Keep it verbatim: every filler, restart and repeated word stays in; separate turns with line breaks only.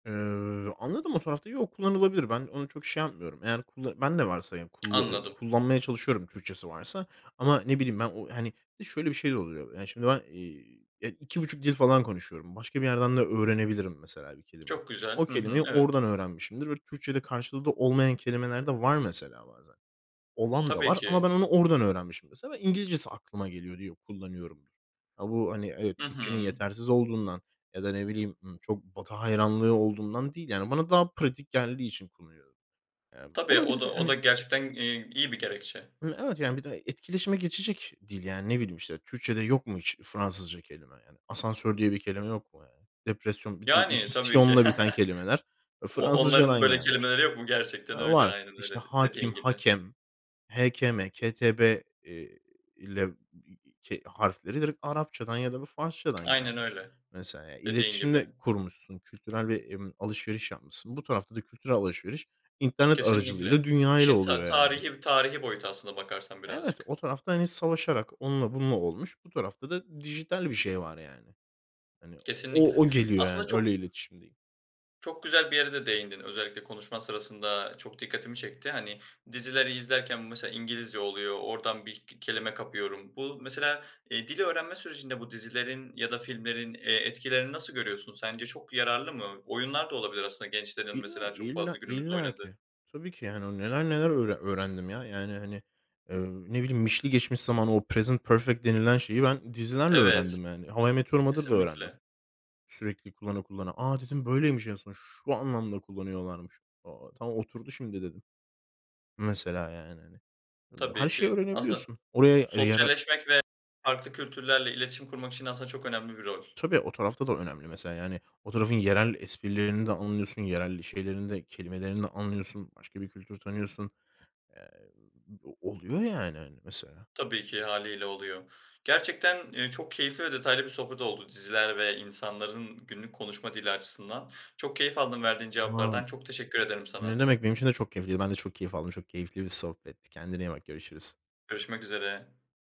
Eee, anladım, o tarafta yok, kullanılabilir. Ben onu çok şey yapmıyorum. Yani kulla ben de varsa, ya, kulla eee,
Anladım.
kullanmaya çalışıyorum Türkçesi varsa ama, ne bileyim, ben o, hani, bir de şöyle bir şey de oluyor: Yani, şimdi ben, eee, ya, iki buçuk dil falan konuşuyorum. Başka bir yerden de öğrenebilirim mesela bir kelimeyi.
Çok güzel,
O
hı hı,
kelimeyi
evet.
oradan öğrenmişimdir ve Türkçede karşılığı da olmayan kelimeler de var mesela bazen. Olan da
Tabii
var ama
ki.
ben onu oradan öğrenmişim mesela ve İngilizcesi aklıma geliyor diye kullanıyorumdur. A, bu, hani, evet,
Hı
Türkçenin
hı.
yetersiz olduğundan ya da, ne bileyim, ımm, çok Batı hayranlığı olduğundan değil yani bana daha pratik geldiği için kullanıyorum. Ya, bu
Tabii, o
olabilir
da o
yani.
da gerçekten, eee, iyi bir gerekçe.
Hı, evet, yani, bir de etkileşime geçecek dil, yani, ne bileyim, işte, Türkçede yok mu hiç Fransızca kelime, yani? Asansör diye bir kelime yok mu, yani? Depresyon,
Yani,
[unintelligible]
tabii ki.
syonla biten kelimeler, e,
O o onların
Fransızcadan
böyle
gelmiş.
kelimeleri yok mu? Gerçekten
Aaa,
öyle,
var.
aynen
İşte
öyle d
hâkim,
dediğin gibi.
hakem, H, K, M, K, T, B, eee, ile k harfleri direkt Arapça'dan ya da bir Farsça'dan
Aynen
gelmiş
öyle.
mesela, ya,
Dediğin
iletişim
gibi.
de kurmuşsun, kültürel bir, emm, alışveriş yapmışsın. Bu tarafta da kültürel alışveriş internet
Kesinlikle.
aracılığıyla dünyayla
Çin, ta
oluyor yani.
tarihî tarihî boyutu aslına bakarsan
Evet,
birazcık.
o tarafta, hani, savaşarak onunla bununla olmuş. Bu tarafta da dijital bir şey var yani. Hani, o
Kesinlikle.
o geliyor yani
Aslında
öyle
çok
iletişimdeyim.
çok güzel bir yere de değindin, özellikle konuşman sırasında çok dikkatimi çekti, hani, dizileri izlerken mesela İngilizce oluyor, oradan bir k kelime kapıyorum. Bu mesela, eee, dil öğrenme sürecinde bu dizilerin ya da filmlerin, eee, etkilerini nasıl görüyorsun, sence çok yararlı mı? Oyunlar da olabilir aslında gençlerin
İlla,
mesela çok
illa,
fazla günümüzde
illa
oynadığı.
ki. Tabii ki, yani, o neler neler öğre öğrendim ya, yani, hani, eee, ne bileyim -mişli geçmiş zaman o present perfect denilen şeyi ben dizilerle
Evet.
öğrendim yani. How I met your mother'da öğrendim.
Kesinlikle.
Sürekli kullana kullana. "A,", dedim, "böyleymiş en son. Şu anlamda kullanıyorlarmış." "Aaa, tamam oturdu şimdi." dedim. Mesela yani, hani.
Tabii
Her şeyi
ki. Aslında
öğrenebiliyorsun. Oraya, eee, yarar
sosyalleşmek ve farklı kültürlerle iletişim kurmak için aslında çok önemli bir rol.
Tabii, o tarafta da önemli mesela yani o tarafın yerel esprilerini de anlıyorsun, yerel şeylerini de kelimelerini de anlıyorsun. Başka bir kültür tanıyorsun. Ya, eee, oluyor, yani, hani, mesela.
Tabii ki hâliyle oluyor. Gerçekten, eee, çok keyifli ve detaylı bir sohbet oldu diziler ve insanların günlük konuşma dili açısından. Çok keyif aldım verdiğin
[unintelligible]
cevaplardan. Çok teşekkür ederim
Ne
sana.
demek, benim için de çok keyifliydi. Ben de çok keyif aldım, çok keyifli bir sohbetti. Kendine iyi bak, görüşürüz.
Görüşmek üzere.